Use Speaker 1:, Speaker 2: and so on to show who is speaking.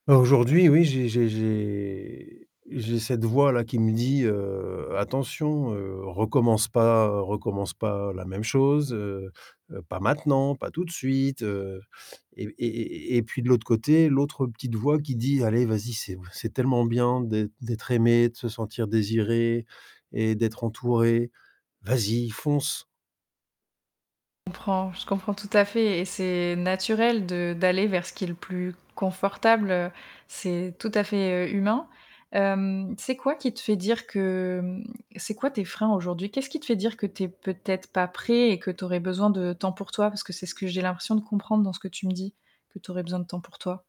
Speaker 1: Bah, aujourd'hui, oui, j'ai j'ai j'ai j'ai cette voix-là qui me dit, heu: «Attention, heu, recommence pas recommence pas la même chose, heu, pas maintenant, pas tout de suite», heu, et et et et et puis de l'autre côté, l'autre petite voix qui dit: «Allez vas-y, c'est c'est tellement bien d'êt d'être aimé, de se sentir désiré et d'être entouré, vas-y fonce».
Speaker 2: Comprends, je comprends tout à fait et c'est naturel de d'aller vers ce qui est le plus confortable, heu, c'est tout à fait, heu, humain. Hem, c'est quoi qui te fait dire que, mmh c'est quoi tes freins aujourd'hui? Qu'est-ce qui te fait dire que tu es peut-être pas prêt et que tu aurais besoin de temps pour toi? Parce que c'est ce que j'ai l'impression de comprendre dans ce que tu me dis, que tu aurais besoin de temps pour toi.